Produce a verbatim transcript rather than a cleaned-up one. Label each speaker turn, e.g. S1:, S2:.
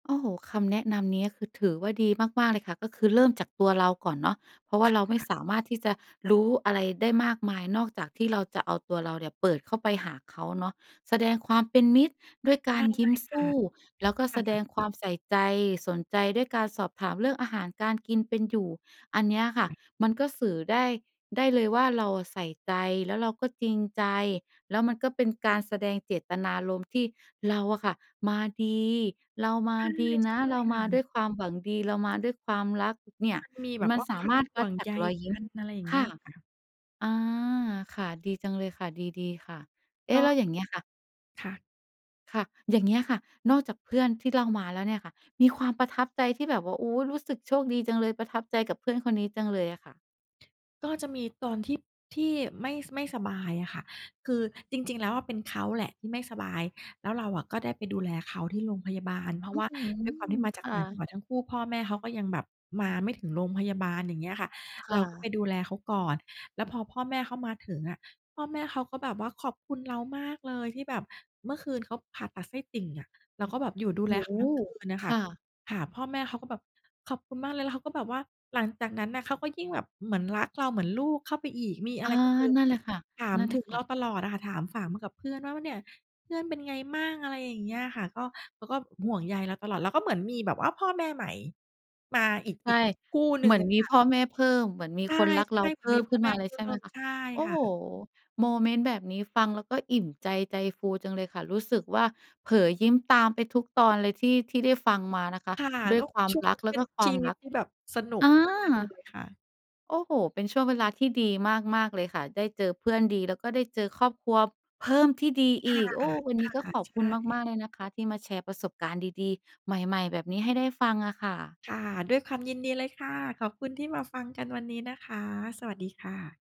S1: โอ้โฮ! คำแนะนำเนี้ยคือถือว่าดีมาก ๆ เลยค่ะ ก็คือเริ่มจากตัวเราก่อนเนาะ เพราะ
S2: ใ
S1: ว
S2: ช
S1: ่า
S2: ่
S1: เราไม่
S2: ค่ะ
S1: สามารถที่จะรู้อะไรได้มากมาย นอกจากที่เราจะเอาตัวเราเนี่ยเปิดเข้าไปหาเขาเนาะ แสดงความเป็นมิตรด้วยก
S2: ใช
S1: า
S2: ่
S1: รยิ้ม
S2: ค
S1: ส
S2: ่ะ
S1: ู้
S2: ค
S1: แล้วก็แสด
S2: ่ะ
S1: งความใส่ใจ สนใจ ด้วยการสอบถามเรื่องอาหารการกิน เป็นอยู่ อันเนี้ยค่ะ มันก็สื่อได้ ได้เลยว่า เราอะใส่ใจแล้วเราก็จริงใจ แล้วมันก็เป็นการแสดงเจตนารมณ์ที่เราอะค่ะมาดี เราม
S2: ใ
S1: า
S2: ช่
S1: ด
S2: ใช
S1: ี
S2: ่
S1: นะ
S2: ค
S1: เรามา
S2: ่
S1: ด้ว
S2: ะ
S1: ยความหวังดี เรามาด้วยความรัก เนี่ย
S2: มันมีแบบ
S1: มั
S2: ว
S1: น
S2: ่า
S1: ส
S2: ค
S1: า
S2: วา
S1: มา
S2: ม
S1: รถ
S2: ห
S1: ว
S2: ่
S1: ั
S2: ว
S1: ด
S2: ง
S1: จา
S2: ใย
S1: กรอยย
S2: ก
S1: ิ้
S2: ั
S1: ม
S2: น อะไรอย่างเ
S1: ค
S2: งี้
S1: ่
S2: ย
S1: ะ
S2: ค่ะ
S1: อา ค่ะ ดีจังเลยค่ะ ดี ๆ ค่ะ เอ๊
S2: ก
S1: ะ! แล้
S2: ็
S1: วอย่างเงี้ยค่ะ
S2: ค่ะ
S1: ค่ะ อย่างเงี้ยค่ะ นอกจากเพื่อนที่เล่ามาแล้วเนี่ยค่ะ มีความประทับใจที่แบบว่า โอ้โฮ! รู้สึกโชคดีจังเลย ประทับใจกับเพื่อนคนนี้จังเลยอะค่ะ
S2: ก็จะมีตอนที่ ที่ไม่ ไม่สบายอะค่ะ คือจริง ๆ แล้วอะเป็นเขาแหละที่ไม่สบาย แล้วเราอะก็ได้ไปดูแลเขาที่โรงพยาบาล เพรา
S1: อ
S2: ะ
S1: ื
S2: ว
S1: ้
S2: ่
S1: อ
S2: า
S1: ฮื
S2: ด้วยความที
S1: อ
S2: ่มาจ
S1: ค
S2: าก
S1: ่
S2: ต่างจังห
S1: ะ
S2: วัดทั้งคู่ พ่อแม่เขาก็ยังแบบมาไม่ถึงโรงพยาบาล อย่างเงี้ยค่ะ
S1: ค
S2: เร
S1: ่
S2: าก็ไ
S1: ะ
S2: ปดูแลเขาก่อน แล้วพอพ่อแม่เขามาถึงอะพ่อแม่เขาก็แบบว่า "ขอบคุณเรามากเลย" ที่แบบเมื่อคืนเขาผ่าตัดไส้ติ่งอะ เราก็แบบอยู่
S1: โ
S2: ด
S1: อ
S2: ู
S1: ้
S2: แลเข
S1: โ
S2: า
S1: ฮ!
S2: ทั้งคืนน่ะ
S1: ค
S2: ค่ะ
S1: ่ะ
S2: ค่ะ พ่อแม่เขาก็แบบ "ขอบคุณมากเลย" แล้วเขาก็แบบว่า หลังจากนั้นน่ะเขาก็ยิ่งแบบเหมือนรักเราเหมือนลูกเข้าไปอีก มีอะ
S1: อ
S2: ไ
S1: า
S2: รก็คือ
S1: นั่นแหละค่ะ
S2: ถาม
S1: นั่นแห
S2: ถ
S1: ล
S2: ึ
S1: ะ
S2: ง
S1: ค
S2: เร
S1: ่
S2: า
S1: ะ
S2: ตลอดอะค่ะ ถาม ฝาม มากับเพื่อนว่า ว่า "เนี่ย เพื่อนเป็นไงมั่ง?" อะไรอย่างเงี้ยค่ะ ก็ เขาก็ห่วงใยเราตลอด เราก็เหมือนมีแบบว่าพ่อแม่ใหม่มาอีก
S1: ใช
S2: อี
S1: ่
S2: กคู่หนึ
S1: เห
S2: ่
S1: ม
S2: ง
S1: ือน
S2: อะ
S1: มี
S2: ค่ะ
S1: พ่อแม่เพิ่ม เหมือนมี
S2: ใช่
S1: คนรั
S2: ๆ
S1: กเร
S2: เห
S1: าเพ
S2: มือน
S1: ิ่
S2: มี
S1: ม
S2: พ
S1: ข
S2: ่
S1: ึ้
S2: อ
S1: น
S2: แม
S1: มา
S2: ่
S1: เล
S2: เ
S1: ย
S2: พิ
S1: ใ
S2: ่
S1: ช่ไหม
S2: ม
S1: คะ
S2: ใช่
S1: โอ้
S2: ค่
S1: โฮ!
S2: ะ
S1: โมเมนต์แบบนี้ฟังแล้วก็อิ่มใจ ใจฟูจังเลยค่ะ รู้สึกว่า เผลอยิ้มตามไปทุกตอนเลยที่ ที่ได้ฟังมานะคะ
S2: ค่ะ
S1: ด้
S2: ก
S1: วย
S2: ็
S1: ความ
S2: ช่วง
S1: ร
S2: น
S1: ั
S2: ั้
S1: ก
S2: นก็
S1: แล
S2: เ
S1: ้
S2: ป
S1: ว
S2: ็
S1: ก
S2: น
S1: ็คว
S2: ช
S1: า
S2: ี
S1: ม
S2: วิ
S1: ร
S2: ต
S1: ัก
S2: ที่แบบสนุ
S1: อ
S2: ก
S1: า
S2: มากเลยค่ะ
S1: โอ้โฮ! เป็นช่วงเวลาที่ดีมาก ๆ เลยค่ะ ได้เจอเพื่อนดี แล้วก็ได้เจอครอบครัว เพิ่ม ที่ดี
S2: ค
S1: อ
S2: ่ะ
S1: ีก โอ
S2: ค
S1: ้
S2: ่
S1: วันนี้ก็
S2: ะ
S1: ขอบ
S2: ใช
S1: คุณม
S2: ่
S1: าก ๆ เลยนะคะที่มาแชร์ประสบการณ์ดี ๆ ใหม่ ๆ แบบนี้ให้ได้ฟังอะค่ะ
S2: ค่ะ ด้วยความยินดีเลยค่ะ ขอบคุณที่มาฟังกันวันนี้นะคะ สวัสดีค่ะ